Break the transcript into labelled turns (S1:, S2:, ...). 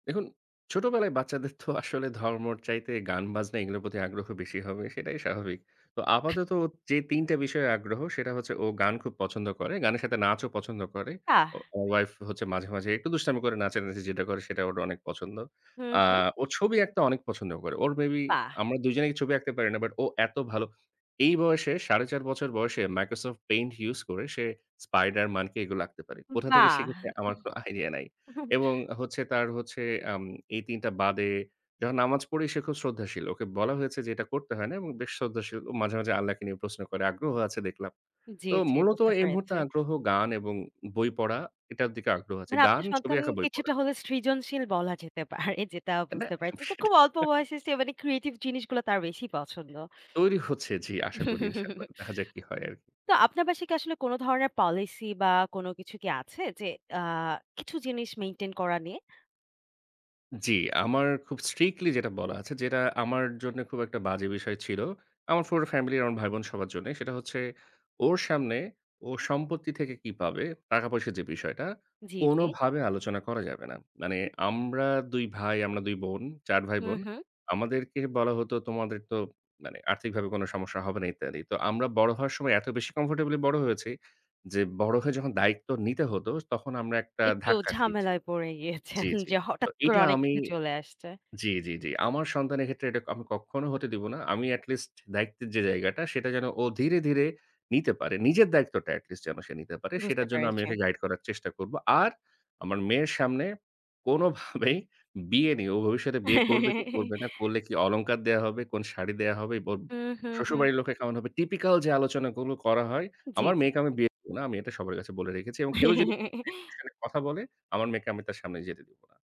S1: দেখুন ছোটবেলায় বাচ্চাদের থো আসলে ধর্মর চাইতে গান-বাজনা এগুলোর প্রতি আগ্রহ বেশি হবে, সেটাই স্বাভাবিক। তো আপাতত ও যে ৩ টা বিষয়ে আগ্রহ, সেটা হচ্ছে ও গান খুব পছন্দ করে। গানের সাথে নাচও
S2: উম-হুম,
S1: পছন্দ করে।
S2: বাহ!
S1: ও আমার ওয়াইফ হচ্ছে মাঝে, মাঝে একটু দুষ্টামি করে নাচানাচি যেটা করে সেটা ওর অনেক পছন্দ।
S2: হু,
S1: আ
S2: হু।
S1: ও ছবি আঁকতে অনেক পছন্দ করে। ওর maybe
S2: বাহ!
S1: আমরা ২ জনেই ছবি আঁকতে পারি না, বাট ও এত ভালো এই বয়সে ৪.৫ বছর বয়সে Microsoft Paint use করে, সে Spiderman কে এগুলো আঁকতে পারে। কোথা থেকে শিখেছে
S2: বাহ!
S1: আমার কোন idea নাই এবং হচ্ছে তার হচ্ছে আম এই ৩ টা বাদে যখন নামাজ পড়ি সে খুব শ্রদ্ধাশীল। ওকে বলা হয়েছে যে এটা করতে হয় না এবং বেশ শ্রদ্ধাশীল, ও মাঝে, মাঝে আল্লাহকে নিয়ে প্রশ্ন করে, আগ্রহ আছে দেখলাম।
S2: জি,
S1: তো
S2: জি।
S1: মূলত
S2: বুঝতে
S1: এই মুহূর্তে
S2: পেরেছি।
S1: আগ্রহ গান এবং বই পড়া, এটার দিকে আগ্রহ আছে।
S2: মানে
S1: গান,
S2: আপনার
S1: ছবি
S2: সন্তান
S1: আঁকা, বই পড়া।
S2: কিছুটা হলে সৃজনশীল বলা যেতে পারে। যেটা
S1: আ না
S2: বুঝতে
S1: সব
S2: পারছি যে খুব
S1: সেটা
S2: অল্প বয়সে সে মানে creative জিনিসগুলো তার বেশি পছন্দ।
S1: তৈরি হচ্ছে, জি। আশা করি إن شاء الله দেখা যাক কি হয় আর কি।
S2: তো আপনার বাসায় কি আসলে কোন ধরনের policy বা কোন কিছু কি আছে যে আ কিছু জিনিস মেইনটেইন করা নিয়ে?
S1: জি। আমার খুব strictly যেটা বলা আছে, যেটা আমার জন্যে খুব একটা বাজে বিষয় ছিল। আমার পুরো ফ্যামিলি আর আমার ভাই-বোন সবার জন্যে সেটা হচ্ছে ওর সামনে ওর সম্পত্তি থেকে কি পাবে, টাকা-পয়সার যে বিষয়টা,
S2: জি, জি।
S1: কোনভাবে আলোচনা করা যাবে না। মানে আমরা ২ ভাই, আমরা ২ বোন, ৪
S2: হু,
S1: ভাই-বোন।
S2: হু।
S1: আমাদেরকে বলা হতো, "তোমাদের তো মানে আর্থিকভাবে কোন সমস্যা হবে না ইত্যাদি।" তো আমরা বড় হওয়ার সময় এত বেশি comfortably বড় হয়েছি, যে বড় হয়ে যখন দায়িত্ব নিতে হতো তখন আমরা একটা
S2: একটু
S1: ধাক্কা খেয়েছি
S2: ঝামেলায় পড়ে গিয়েছেন
S1: জি, জি।
S2: যে
S1: তো
S2: হঠাৎ করে
S1: এটা
S2: অনেক
S1: আমি
S2: কিছু চলে আসছে।
S1: জি, জি, জি। আমার সন্তানের ক্ষেত্রে এটা আমি কখখনো হতে দিব না। আমি at least দায়িত্বের যে জায়গাটা, সেটা যেন ও ধীরে, ধীরে নিতে পারে। নিজের দায়িত্বটা at least যেন সে নিতে পারে,
S2: বুঝতে
S1: সেটার জন্য আমি
S2: পেরেছি।
S1: ওকে গাইড করার চেষ্টা করব। আর আমার মেয়ের সামনে কোনভাবেই বিয়ে নিয়ে ও ভবিষ্যতে বিয়ে করবে কি করবে না, করলে কি অলংকার দেয়া হবে, কোন শাড়ি দেয়া হবে, ওব
S2: হুম, হুম, হুম।
S1: শ্বশুরবাড়ির লোকে কেমন হবে? typical যে আলোচনাগুলো করা হয়,
S2: জি,
S1: আমার
S2: জি।
S1: মেয়েকে আমি বিয়ে দিব না। আমি এটা সবার কাছে বলে রেখেছি এবং কেউ যদি এই বিষয় নিয়ে কথা বলে, আমার মেয়েকে আমি তার সামনে যেতে দিব না।